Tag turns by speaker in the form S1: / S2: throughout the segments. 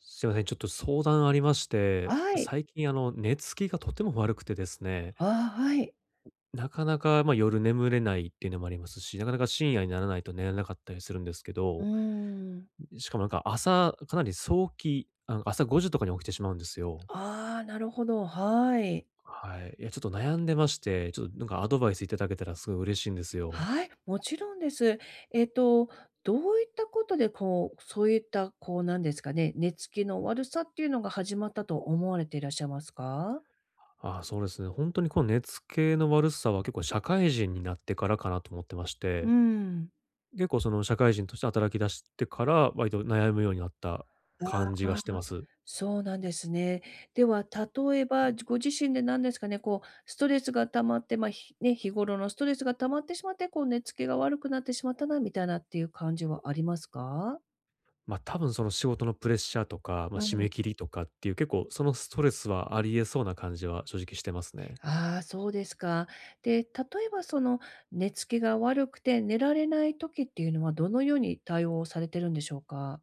S1: すいません、ちょっと相談ありまして、
S2: はい。
S1: 最近、あの、寝つきがとても悪くてですね
S2: ああ、はい。
S1: なかなか、ま、夜眠れないってのもありますし、なかなか、深夜にならないと寝れなかったりするんですけ
S2: うー
S1: ど。
S2: ん、うんうん。
S1: んん、しかもなんか、朝かなり、そうきあの、朝5時とかに起きてしまうんですよ。
S2: ああ、なるほど、はい。
S1: はい。いや、ちょっと悩んでまして、ちょっ、なんかアドバイス頂けたらすごい嬉しいんですよ。
S2: はい、もちろんです。えっと、どういったことでこう、そういった、こうなんですかね、寝つきの悪さっていうのが始まったと思われていらっしゃいますか？
S1: あ、そうですね、ほんとにこう、寝付きの悪さは、結構、社会人になってからかなと思ってまし
S2: うん
S1: て、
S2: うん。
S1: 結構その、社会人として働き出してから、わりと悩むようになった
S2: あ
S1: 感じが
S2: あ、
S1: してます。
S2: そうなんですね。では、例えば、じご自身で、なんですかね、こう、ストレスが溜まって、ま、ひね、日頃のストレスが溜まってしまって、こう寝付きてしまったなみたいなっていう感じはありますか？
S1: ま、多分その、仕事のプレッシャーとか、ま、
S2: う
S1: 締
S2: ん。
S1: め切りとかっていう、結構、そのストレスはあり得そうな感じは正直してますね。
S2: ああ、そうですか。で、例えばその、寝付きが悪くて寝られない時ってゆうのは、どのように対応されてるんでしょうか？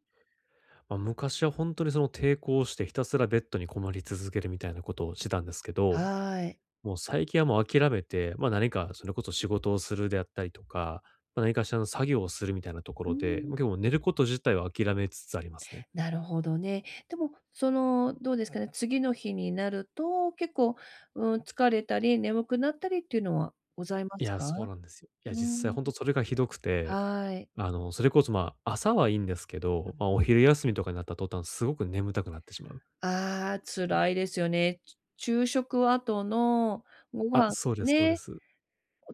S1: ま、昔はほんとに、その、抵抗してひたすらベッドにこもり続けるみたいなことをしてたんですけど、
S2: はい。
S1: もう最近はもう諦めて、ま、何か、それこそ仕事をするであったりとか、ま、何かしらの作業をするみたいなとこ
S2: う
S1: ろ
S2: ん
S1: で、
S2: うん。
S1: ま、寝ること自体を諦めつつありますね。
S2: なるほどね。でも、その、どうですかね、次の日になると、結構、うーん、疲れたり、眠くなったりっていうのはございま
S1: い
S2: す
S1: や、そう
S2: か？
S1: なんです。や、
S2: う
S1: 実際、
S2: ん。
S1: ほんとそれがひどくて、
S2: はい。
S1: あの、それこそ、ま、朝はいいんですけど、ま、お昼休みとかになった途端、すごく眠たくなってしまう。
S2: ああ、辛いですよね、ちゅ昼食後の、ご
S1: あ、
S2: 飯、
S1: そうですそうで
S2: ね、
S1: す。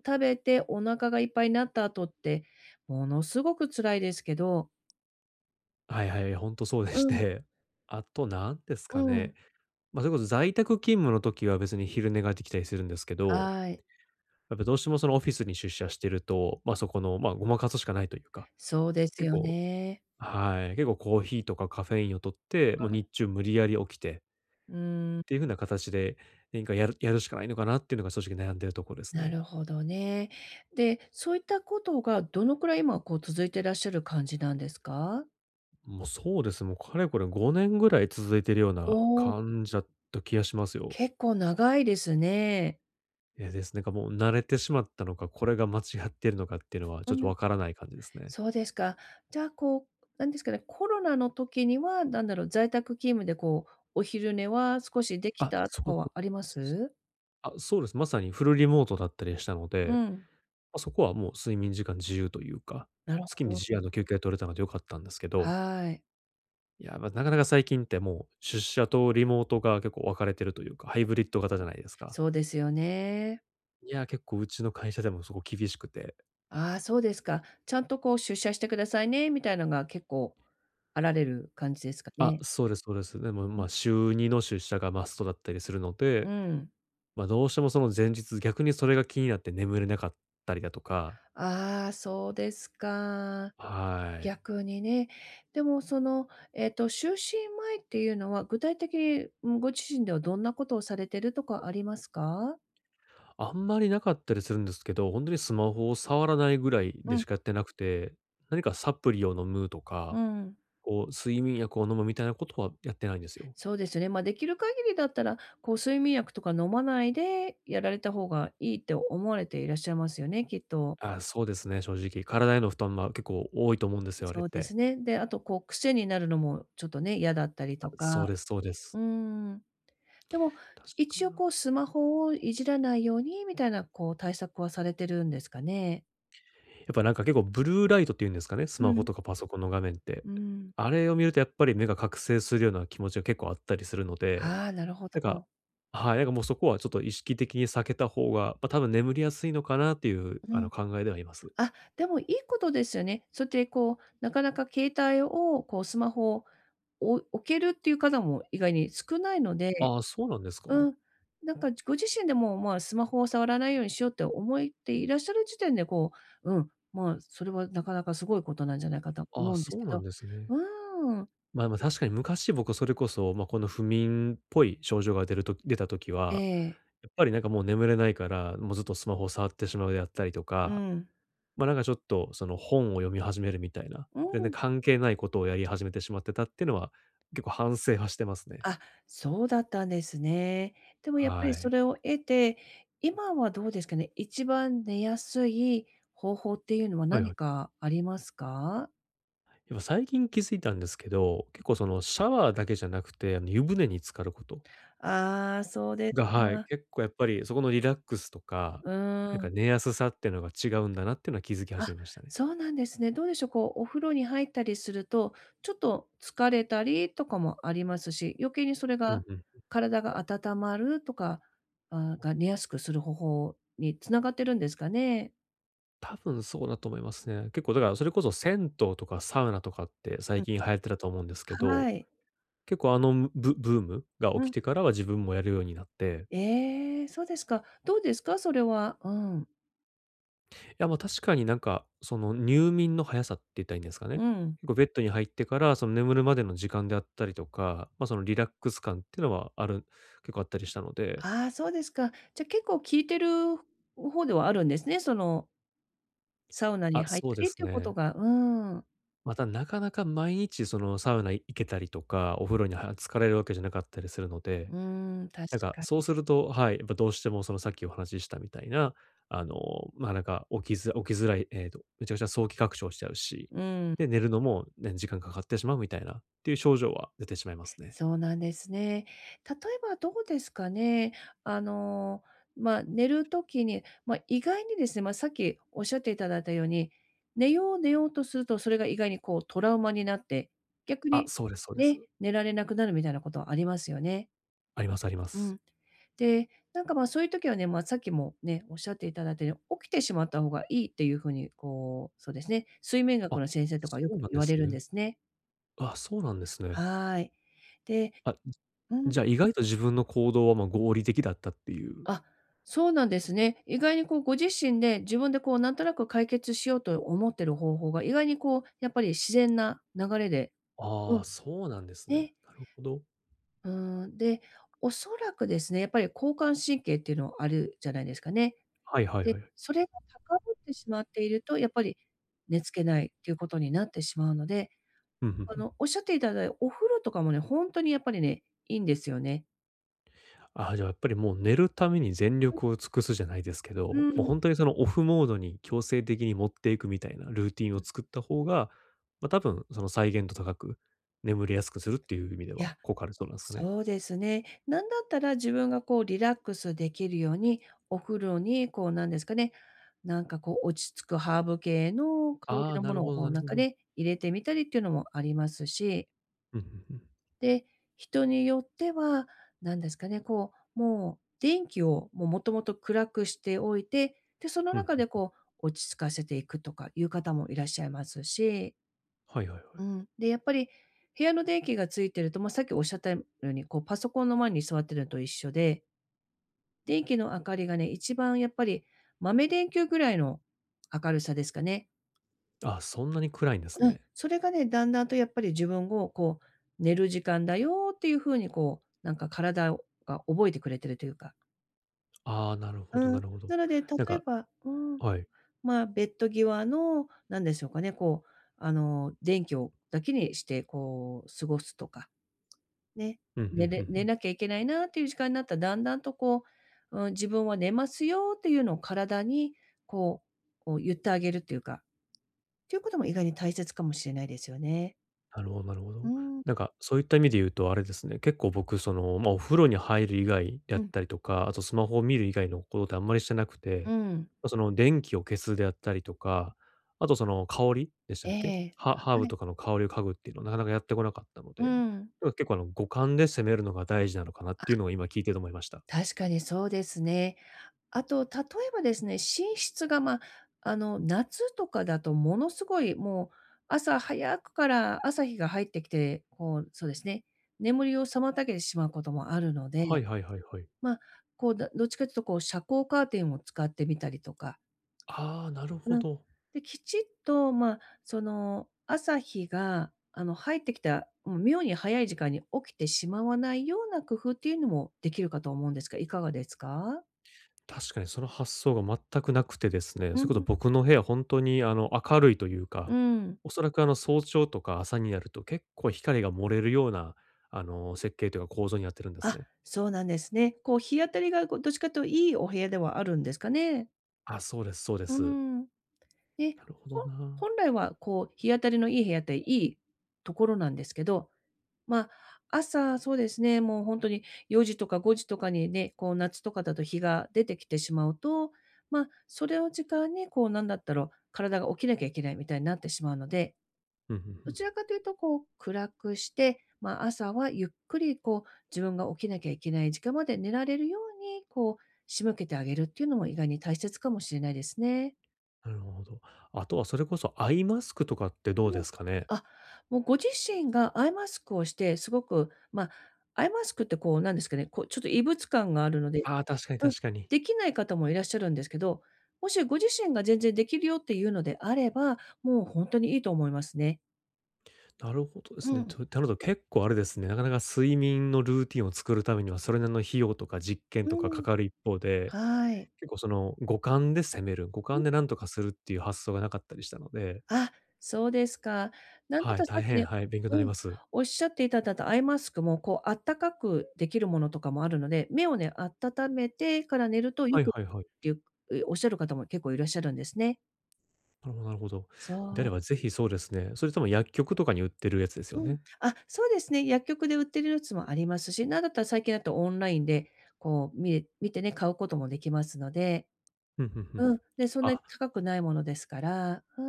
S2: 食べてお腹がいっぱいなった後って、ものすごく辛いですけど
S1: はいはい、ほんとそうで
S2: う
S1: し
S2: ん。
S1: て、後、なんです
S2: う
S1: かね、
S2: ん。
S1: ま、それこそ、在宅勤務の時は、別に昼寝が出来たりするんですけど、
S2: あい。
S1: やっぱどうしても、その、オフィスに出社してると、ま、そこの、ま、誤魔化すしかないと言うか、
S2: そうです
S1: 結
S2: よ
S1: 構、
S2: ね。
S1: はい、結構、コーヒーとかカフェインを摂って、ま、
S2: うん。
S1: 日中、無理矢理起きて
S2: うーん。
S1: っていう風
S2: [unintelligible]
S1: なかたちで、何かやるやるしかないのかなってのが、正直、悩んでるとこです
S2: な
S1: ね。
S2: るほどね、で、そういった事が、どの位、まあ、こう、続いてらっしゃる感じなんですか？
S1: ん、も、そうです、も、かれこれ、5年ぐらい続いてるような
S2: おお。
S1: 感じだった気がしますよ。
S2: 結構、長いですね。
S1: ええ、です、なんかもう、慣れてしまったのか、これが間違ってるのかってのは、ち
S2: う
S1: ょっと
S2: ん、
S1: 分らない感じですね。
S2: そうですか、じゃあ、こう、なんですかね、コロナの時には、なんだろう、在宅勤務で、こう、お昼寝は少し出来
S1: あ、
S2: たと
S1: そ
S2: か
S1: うす
S2: はありま
S1: す、
S2: す？
S1: あ、そうです、正に、フルリモートだったりしたの
S2: う
S1: で、
S2: ん。
S1: ま、そこはもう、睡眠時間自由とゆうか、
S2: なる
S1: 好きに、
S2: ほど。
S1: 自由あの、休憩取れたので良かったんですけど
S2: はい。
S1: いや、ま、中々最近って、もう、出社とリモートが、結構分かれてるとゆうか、ハイ
S2: うん、
S1: ブリッド型じゃないですか？
S2: そうですよね。
S1: いや、結構うちの会社でもすごい厳しくて。
S2: ああ、そうですか、ちゃんとこう出社してくださいね、みたいなのが結構、あられる感じですか
S1: あ、
S2: ね？
S1: そうですそうです。でも
S2: う
S1: まあ、
S2: ん。
S1: 週2の出社がマストだったりするの
S2: う
S1: で、
S2: ん。
S1: ま、どうしてもその前日、逆にそれが気になって眠れなかったりだとか。
S2: ああ、そうですか、
S1: はい。
S2: 逆にね。でもその、えっと、就寝前っていうのは、具体的に、うん、ご自身ではどんなことをされてるとかありますか？
S1: あんまりなかったりするんですけど、ほんとにスマホを触らないぐらい
S2: う
S1: でし
S2: ん。
S1: かやってなくて、何かサプリを飲むと
S2: うー
S1: か、
S2: ん。
S1: こう睡眠薬を飲むみたいなことはやってないんですよ。
S2: そうですよね。ま、出来る限りだったら、こう睡眠薬とか飲まないで、やられた方が良いって思われていらっしゃいますよね、きっと。
S1: あ、そうですね、正直、体への負担は、結構多いと思うんですよ、あれ
S2: そ
S1: っ
S2: うで
S1: て。
S2: すね。で、あとこう癖になるのもちょっとね、嫌だったり
S1: あ、
S2: と
S1: そう
S2: か。
S1: ですそうです。
S2: うーん。でも、
S1: 確か
S2: 一
S1: に
S2: 応
S1: な。
S2: こう、スマホをいじらないようにみたいな、こう対策はされてるんですかね。
S1: やっぱなんか結構ブルーライトっていうんですかね、ス
S2: う
S1: マホ
S2: ん。
S1: とかパソコンの画面って。
S2: うん。
S1: あれを見るとやっぱり目が覚醒するような気持ちが結構あったりするので、
S2: ああ、なるほ
S1: なんか、
S2: ど。
S1: はい、なんかもうそこはちょっと意識的に避けた方が、ま、たぶん眠りやすいのかなっていう、
S2: う
S1: あ
S2: ん。
S1: の、考えではあります。
S2: あ、でもいいことですよね。そうやってこう、なかなか携帯をこうスマホを、お置けるっていう方も意外に少ないので。
S1: ああ、そうなんですか？
S2: うん、なんかご自身でもまあスマホを触らないようにしようって思っていらっしゃる時点で、こう、うん、まそれは中々凄いことなんじゃないかと
S1: あ
S2: 思
S1: あ、
S2: うんです
S1: そう
S2: け
S1: な
S2: ど、
S1: んですね。
S2: うーん。
S1: まま、確かに昔僕それこそ、ま、この不眠っぽい症状が出る時出た時
S2: え
S1: は、
S2: え。
S1: やっぱりなんかもう眠れないから、もうずっとスマホを触ってしまうであったりと
S2: う
S1: か、
S2: ん。
S1: ま、なんかちょっと、その、本を読み始めるみたいな。
S2: う
S1: 全然
S2: ん。
S1: 関係ないことをやり始めてしまってたっていうのは結構反省はしてますね。
S2: あ、そうだったんですね。でもやっぱ
S1: は
S2: り
S1: い。
S2: それを得て、今はどうですかね、一番寝やすい方法っていうのは
S1: はいは
S2: 何
S1: い。
S2: かありますか？
S1: いや最近気づいたんですけど、結構そのシャワーだけじゃなくてあの湯船に浸かる事
S2: ああ、そうです
S1: が、はい、
S2: か。
S1: 結構やっぱりそこのリラックスとか、
S2: う
S1: な
S2: ー
S1: んか
S2: ん。
S1: 寝やすさってのが違うんだなっていうのは気づき
S2: あ、
S1: 始めましたね。
S2: そうなんですね。どうでしょう、こうお風呂に入ったりすると、ちょっと疲れたりとかもありますし、余計にそれ
S1: うん
S2: が、
S1: うん。
S2: 体が温まるとか、ああが寝やすくする方法に繋がってるんですかね？
S1: 多分そうだと思いますね。結構だから、それこそ銭湯とかサウナとかって最
S2: うん。
S1: 近流行ってたと思うんですけど、
S2: はい。
S1: 結構あのむブブームが起
S2: う
S1: き
S2: ん。
S1: てからは自分もやるようになって。
S2: ええ、そうですか。どうですか？それは。うん。
S1: いや、ま、確かになんか、その、入眠の速さって言ったらいいんですか
S2: う
S1: ね。
S2: ん。
S1: こうベッドに入ってから、その、眠るまでの時間であったりとか、ま、その、リラックス感ってのはある結構あったりしたので。
S2: ああ、そうですか。じゃ、結構効いてる方ではあるんですね、そのサウナに
S1: あ、
S2: 入っ
S1: そ
S2: た
S1: うで
S2: りっ
S1: す
S2: ていうこと
S1: ね。
S2: がうん。
S1: また、なかなか毎日、その、サウナい行けたりとか、お風呂には浸かれるわけじゃなかったりするので、
S2: うん、確
S1: なんか
S2: か
S1: そう
S2: に。
S1: すると、はい、やっぱどうしても、その、さっきお話ししたみたいな、あの、ま、なんか起きづ起きづらい、えっと、めちゃくちゃ早期拡張しちゃうし、
S2: うん。
S1: で、寝るのも、ね、時間かかってしまうみたいなっていう症状は出てしまいますね。
S2: そうなんですね。例えばどうですかね、あの、ま寝る時に、ま意外にですね、まさっきおっしゃって頂いたように、寝よう寝ようとすると、それが意外にこうトラウマになって、逆
S1: あ、
S2: に、
S1: そうですそうで
S2: ね、
S1: す。
S2: 寝られなくなるみたいなことはありますよね。
S1: あります、ありま
S2: う
S1: す。
S2: ん。で、なんかまあ、そういう時はね、ま、さっきもね、おっしゃっていただいたよ、起きてしまった方がいいっていう風に、こう、そうですね、睡眠学
S1: あ、
S2: の先生とか
S1: そ
S2: よ
S1: う
S2: く
S1: なん
S2: 言
S1: で
S2: われ
S1: す
S2: るん
S1: ね。
S2: ですね。
S1: うわ、そうなんですね。
S2: はい。で
S1: あ、う
S2: う
S1: ん、
S2: ん。
S1: じゃあ、意外と自分の行動は、ま、合理的だったっていう。
S2: あ、そうなんですね。意外にこうご自身で、自分でこう、なんとなく解決しようと思ってる方法が、意外にこう、やっぱり自然な流れでう
S1: ああ、
S2: ん。
S1: そうなんですね。
S2: ええ。
S1: なるほど。
S2: うーん、で、おそらくですね、やっぱり交感神経っていうのあるじゃないですかね。
S1: はいはい、
S2: で、
S1: はや。
S2: それが高ぶってしまっていると、やっぱり、寝付けないっていうことになってしまうので、
S1: うん、ふん
S2: あ
S1: ふん。
S2: の、おっしゃっていただいお風呂とかもね、ほんとにやっぱりね、いいんですよね。
S1: あ、じゃあ、やっぱりもう寝るために全
S2: うん。
S1: 力を尽くすじゃないですけ
S2: う
S1: ど、
S2: ー
S1: もう
S2: ん。
S1: ほんとにその、オフモードに強制的に持っていくみたいなルーティン
S2: う
S1: を
S2: ん。
S1: 作った方が、ま、多分その再現度高く、眠りやすくするっていう意味で
S2: い
S1: は
S2: や、
S1: 効果あるそうなんすかね？
S2: そうですね、何だったら自分がこうリラックスできるように、お風呂に、こう、なんですかね、なんかこう、落ち着くハーブ系の香
S1: あ
S2: り
S1: あ、
S2: の
S1: な
S2: も
S1: る
S2: のを
S1: ほど
S2: こ
S1: な
S2: う
S1: るほ
S2: 中
S1: ど。
S2: で入れてみたりっていうのもありますし。
S1: うん、ふんふん。
S2: で、人によっては、何ですかね、こう、もう、電気を、もう、元々暗くしておいて、で、その
S1: うん、ふ
S2: 中で、
S1: んふん。
S2: こう、落ち着かせて行くとかいう方も、いらっしゃいますし
S1: はいはいはい。
S2: うん、で、やっぱり、部屋の電気が、点いてると、ま、さっき、おっしゃったいむように、こう、パソコンの前に、座ってるのと一緒で。電気の明かりがね、一番やっぱり、豆電球位の、明るさですかね。
S1: あ、そんなに、暗いんです
S2: うん、
S1: ね。
S2: それがね、段々と、やっぱり自分を、こう、寝る時間だよっていう風に、こう、何か体をが、覚えてくれてるというか。
S1: ああ、なるほど
S2: う
S1: な
S2: ん、
S1: るほど、
S2: なので、例
S1: 何
S2: え
S1: か
S2: ばうん、
S1: はい。
S2: ま、ベッド際の、何でしょうかね、こう、あの、電気をだけにして、こう、過ごすとか、ね、
S1: うん、ふん
S2: 寝
S1: ふ
S2: れ
S1: んふ
S2: 寝
S1: ん。
S2: なきゃ行けないなっていう時間になったら、段々とこう、うん、自分は寝ますよっていうのを、体にこう、こう言ってあげるっていうか、っていう事も、意外に大切かもしれないですよね。
S1: なるほなるほ
S2: う
S1: ど、
S2: ーん。
S1: 何か、そういった意味で言うと、あれですね、結構僕、その、ま、お風呂に入る以外だっ
S2: うん。
S1: たりとか、後、スマホを見る以外の事って、あんまりしてなく
S2: う
S1: て、
S2: ん。
S1: ま、その、電気を消すであったりとか、後、その、香りでした
S2: え
S1: っけ？
S2: え、
S1: ハハーブ
S2: はい。
S1: とかの香りを嗅ぐっていうのは、中々やって来なかったので、
S2: うん。
S1: でも結構、あの、五感で攻めるのが、大事なのかなってい
S2: あ。
S1: うのを、今聞いてて思いました。
S2: 確かに、そうですね、後、例えばですね、寝室が、ま、あの、夏とかだと、もの凄い、もう、朝早くから、朝日が入って来て、こう、そうですね、眠りを妨げてしまう事もあるの
S1: はい
S2: で、
S1: はいはいはい。
S2: ま、こうだどっちかっていうと、こう遮光カーテンを、使ってみたりとか
S1: ああ、なるほ
S2: うん、
S1: ど。
S2: で、きちっと、ま、その、朝日が、あの、入って来たもう妙に早い時間に起きてしまわないような工夫っていうのも、出来るかと思うんですが、如何ですか？
S1: 確かに、その発想が、全く無くてですね、
S2: う
S1: そ
S2: ん
S1: れこそ、
S2: うん。
S1: 僕の部屋は、ほんとに、あの、明るいという
S2: う
S1: か、
S2: ん。
S1: 恐らく、あの、早朝とか、朝になると、結構光が、漏れるような、あの、設計というか、構造になってるんです
S2: あ、
S1: ね。
S2: そうなんですね、こう、日当たりがこう、どっちかと、良いお部屋ではあるんですかね？
S1: あ、そうですそうで
S2: うー
S1: す。
S2: ん。で、
S1: なるほど
S2: ほ
S1: な。
S2: 本来はこう日当たりのいい部屋っていいところなんですけど、ま、朝そうですね、もうほんとに、4時とか5時とかにね、こう夏とかだと日が出てきてしまうと、ま、それを時間に、こうなんだったら、体が起きなきゃいけないみたいになってしまうので、
S1: ふんふんふ
S2: どち
S1: ん。
S2: らかというとこう暗くして、ま、朝はゆっくりこう、自分が起きなきゃいけない時間まで寝られるように、こう仕向けてあげるっていうのも意外に大切かもしれないですね。
S1: なるほど。後はそれこそアイマスクとかってどう
S2: う
S1: で
S2: ん。
S1: すかね？
S2: あ、もうご自身がアイマスクをして、凄くま、アイマスクってこうなんですかね、こうちょっと異物感があるので、
S1: ああ、確かに
S2: うん、
S1: 確かに。
S2: できない方もいらっしゃるんですけど、もしご自身が全然出来るよっていうのであれば、もうほんとに良いと思いますね。
S1: なるほどで
S2: う
S1: すね。
S2: ん。
S1: と、てので、結構あれですね、なかなか睡眠のルーティンを作るためには、それなりの費用とか実験
S2: う
S1: とかか
S2: ん。
S1: かる一方で、
S2: はい。
S1: 結構、その、五感で攻める、五
S2: う
S1: 感
S2: ん。
S1: でなんとかするっていう発想がなかったりしたので。
S2: あ、そうですか。なんだっ
S1: はい、
S2: たらさ
S1: 大
S2: っき
S1: 変、
S2: ね、
S1: はい、勉強になり
S2: うん、
S1: ます。
S2: 仰っていただいたアイマスクもこう暖かく出来るものとかもあるので、目をね、温めてから寝ると良
S1: はい
S2: く [unintelligible] っ
S1: はいはい。
S2: ていうおっしゃる方も結構いらっしゃるんですね。
S1: なるほどなるほど。であ
S2: そ
S1: れ
S2: う。
S1: ば是非そうですね。それとも薬局とかに売ってるやつですよ
S2: うん。
S1: ね。
S2: あ、そうですね、薬局で売ってるやつもありますし、なんだったら最近だとオンラインでこう見れ見てね、買うこともできますので。
S1: ふんふんふん、
S2: うん、で、そんなに
S1: あ。
S2: 高くないものですから、う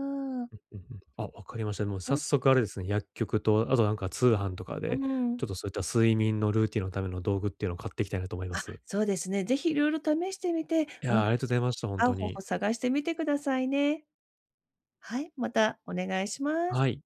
S2: ーん。
S1: うんうんうん。あ、わかりました。も
S2: う
S1: 早
S2: ん。
S1: 速あれですね、薬局とあとなんか通販とか
S2: うー
S1: で、
S2: ん。
S1: ちょっとそういった睡眠のルーティンのための道具っていうのを買ってきたいなと思いま
S2: あ、
S1: す。
S2: そうですね、ぜひいろいろ試してみて、
S1: い
S2: うん、
S1: や、ありがとうございました、ほん
S2: 合
S1: と
S2: う方法
S1: に。
S2: 探してみてくださいね。はい、またお願いします。
S1: はい。